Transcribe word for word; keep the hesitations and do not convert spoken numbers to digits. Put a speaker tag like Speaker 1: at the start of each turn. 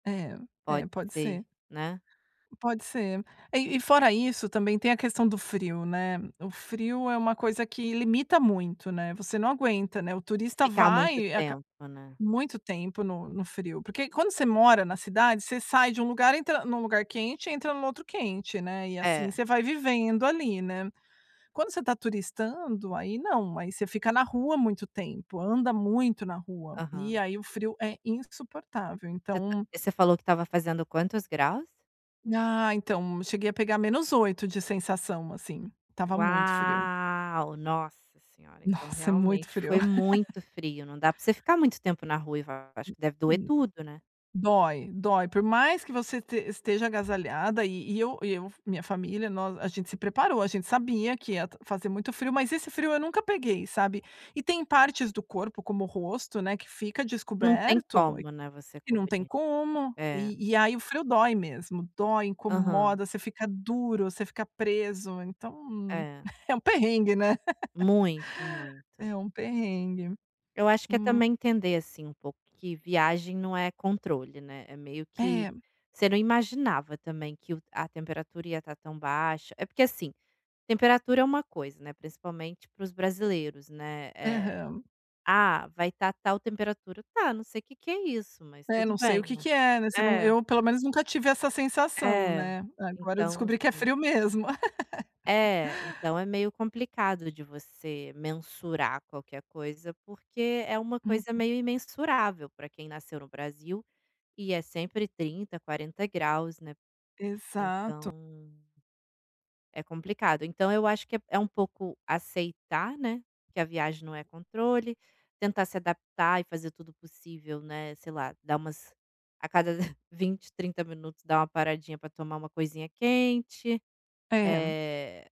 Speaker 1: É, é,
Speaker 2: Pode
Speaker 1: pode
Speaker 2: ser,
Speaker 1: ser,
Speaker 2: né.
Speaker 1: pode ser. E e fora isso também tem a questão do frio, né. O frio é uma coisa que limita muito, né, você não aguenta, né, o turista
Speaker 2: Ficar muito
Speaker 1: vai
Speaker 2: tempo, né.
Speaker 1: muito tempo no no frio, porque quando você mora na cidade você sai de um lugar entra em um lugar quente e entra no outro quente, né, e assim
Speaker 2: Eh.
Speaker 1: você vai vivendo ali, né, quando você está turistando, aí não, aí você fica na rua muito tempo, anda muito na rua, e
Speaker 2: Aham.
Speaker 1: aí o frio é insuportável
Speaker 2: Você ta
Speaker 1: então
Speaker 2: você falou que estava fazendo quantos graus?
Speaker 1: Ah então cheguei a pegar menos oito de sensação, assim, estava muito frio.
Speaker 2: Uau! Nossa senhora, então
Speaker 1: Nossa, é muito
Speaker 2: realmente
Speaker 1: frio.
Speaker 2: foi muito frio, não dá para você ficar muito tempo na rua, acho que deve doer
Speaker 1: [unintelligible]
Speaker 2: tudo, né.
Speaker 1: Dói dói, por mais que você te esteja agasalhada e e eu e eu f minha família, nós, a gente se preparou, a gente sabia que ia fazer muito frio, mas esse frio eu nunca peguei, sabe, e tem partes do corpo, como o rosto, né, que fica
Speaker 2: Não tem
Speaker 1: descoberto e
Speaker 2: como não é você
Speaker 1: que não tem
Speaker 2: cobrir.
Speaker 1: como,
Speaker 2: É.
Speaker 1: e e aí o frio dói mesmo, dói
Speaker 2: Aham.
Speaker 1: incomoda, você fica duro, você fica preso então,
Speaker 2: Eh.
Speaker 1: é um perrengue, né.
Speaker 2: Muito, muito.
Speaker 1: É um perrengue,
Speaker 2: Eu acho que é
Speaker 1: hum.
Speaker 2: também entender, assim, um pouco que viagem não é controle, né, é meio que
Speaker 1: É
Speaker 2: você não imaginava também que o a temperatura ia estar tão baixa, é porque assim, temperatura é uma coisa, né, principalmente para os brasileiros, né, eh,
Speaker 1: Aham.
Speaker 2: "Ah, vai estar tal temperatura", tá eu não sei que que é isso, mas
Speaker 1: Eh,
Speaker 2: tudo
Speaker 1: não sei o
Speaker 2: bem.
Speaker 1: que que é, né, você não,
Speaker 2: Eh.
Speaker 1: eu pelo menos nunca tive essa sensação,
Speaker 2: É,
Speaker 1: né, agora eu
Speaker 2: então
Speaker 1: descobri que é
Speaker 2: assim
Speaker 1: frio mesmo.
Speaker 2: É, então é meio complicado de você mensurar qualquer coisa, porque é uma coisa
Speaker 1: Uhum.
Speaker 2: meio imensurável, para quem nasceu no Brasil, e é sempre trinta, quarenta graus, né,
Speaker 1: Exato.
Speaker 2: então é complicado. Então eu acho que é é um pouco aceitar, né, que a viagem não é controle, tentar se adaptar e fazer tudo possível, né, sei lá, dar umas a cada vinte, trinta minutos dá uma paradinha para tomar uma coisinha quente,
Speaker 1: É.
Speaker 2: eh